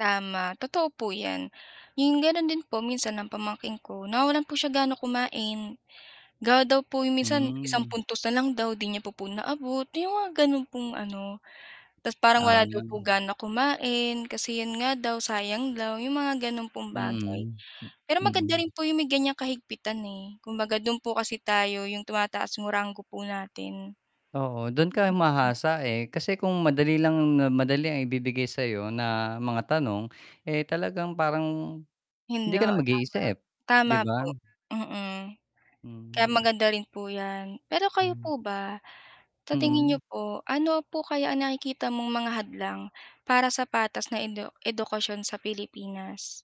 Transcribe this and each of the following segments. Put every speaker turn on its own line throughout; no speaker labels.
Tama, totoo po 'yan. 'Yong gano'n din po minsan ang pamangkin ko nawawalan po siya gana kumain, gawa daw po 'yong minsan isang
Hmm.
puntos na lang daw 'di niya po po naabot 'yong mga gano'n pong ano. Ta's parang wala daw po
Ah.
gana kumain kasi 'yon nga daw sayang daw, 'yong mga gano'n pong bagay.
Mm, hmm,
Pero maganda
mm.
rin po yung may ganiyang kahigpitan, eh, kumbaga do'n po kasi tayo 'yong tumataas yung rango po natin.
Oo, dun ka
[unintelligible]
humahasa, eh. Kasi kung madali lang na madali ang ibibigay sayo na mga tanong. Eh, talagang parang
Yun
hindi ka na
oo,
mag-iisip,
tama.
'di
Tama
ba?
po, mm. Kaya
Hmm.
maganda rin po yan. Pero kayo
Hmm.
po ba sa tingin niyo
Mm.
po, ano po kaya ang nakikita mong mga hadlang para sa patas na edu edukasyon sa Pilipinas?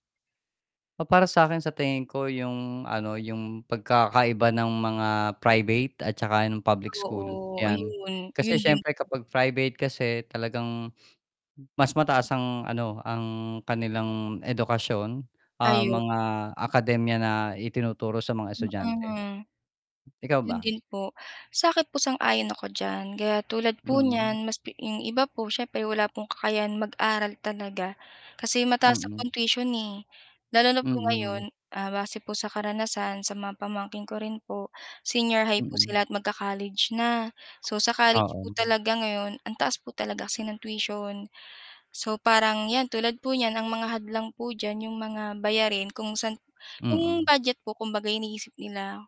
Ah, para sakin sa tingin ko yung ano, yung pagkakaiba ng mga private at saka ng public school,
Oo,
yan.
ayun. Yun
Kasi
din
siyempre
po.
kapag private kasi talagang, mas mataas ang ano, ang kanilang edukasyon, ah,
Ayun.
mga akademya na itinuturo sa mga estudyante.
Mm.
Ikaw
'Yon
ba?
din po, sakin po sang-ayon ako diyan, kaya tulad po
Mm.
niyan mas pi 'yong iba po siyempre wala pong kakayahan mag-aral talaga. Kasi mataas na
Mm.
po ang tuition, eh. Lalo na po ngayon,
Mm.
ah, base po sa karanasan sa mga pamangkin ko rin po- senior high po
Mm.
sila- at mag-ka-college na, so sa college po
Oo.
talaga ngayon ang taas po talaga kasi ng tuition. So parang 'yan, tulad po niyan ang mga hadlang po diyan 'yong mga bayarin kung saan 'yong
Mm.
budget po kumbaga iniisip nila.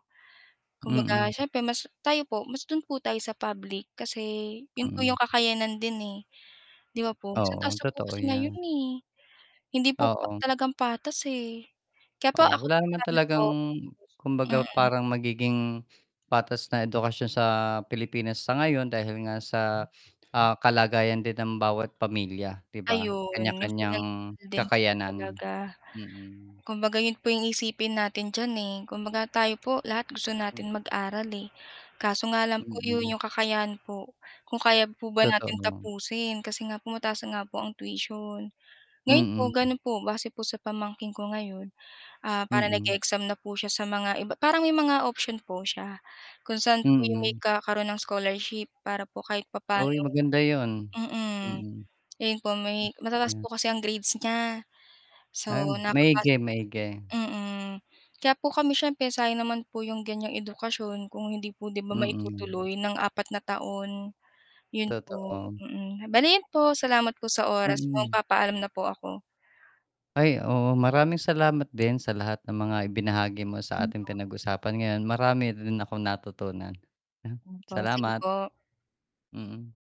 Mm.
Kumbaga siyempre mas tayo po mas do'n po tayo sa public kasi yun po yung
Mm.
kakayanan din, eh, 'di ba po? Sobrang
Oo,
taas na po
totoo
kasi ngayon,
yan.
eh, hindi po pa
Oo.
talagang patas, eh. Kaya po
Oo,
ako
wala naman
[unintelligible] po.
talagang kumbaga
Mm.
parang magiging patas na edukasyon sa Pilipinas sa ngayon dahil nga sa, ah, kalagayan din ng bawat pamilya 'di ba.
Ayun, yung
Kanya-kanyang
pinansyal din po
kakayanan,
talaga.
mm.
Kumbaga yun po yung iisipin natin diyan, eh, kumbaga tayo po lahat gusto
Hmm.
natin mag-aral, eh, kaso nga lang po 'yon
Mm.
'yong kakayahan po, kung kaya po ba natin
Totoo.
tapusin, kasi nga po mataas na nga po ang tuition. Ngayon po,
Mm.
ganon po, base po sa pamangkin ko ngayon, ah, parang
Mm.
nag-e-exam na po siya sa mga iba parang may mga option po siya kung saan po yung may
Mm.
kakaroon ng scholarship, para po kahit papaano
Uy, maganda yun,
mm.
mm.
Ayun po may
[unintelligible]
matataas
Yan.
po kasi ang grades niya, so
Ah,
nakapasok
maigi, maigi.
mm, kaya po kami siyempre sayang naman po yung ganiyang edukasyon kung hindi po 'di ba
Mm.
maitutuloy ng apat na taon. Yun po,
Totoo.
mm. Bale iyon po, salamat po sa oras
Mm.
magpapaalam na po ako.
Ay, oo maraming salamat din sa lahat ng mga ibinahagi mo sa ating
[unintelligible]
pinag-usapan ngayon, marami rin akong natutunan.
Opo, sige
Salamat.
po.
Mm.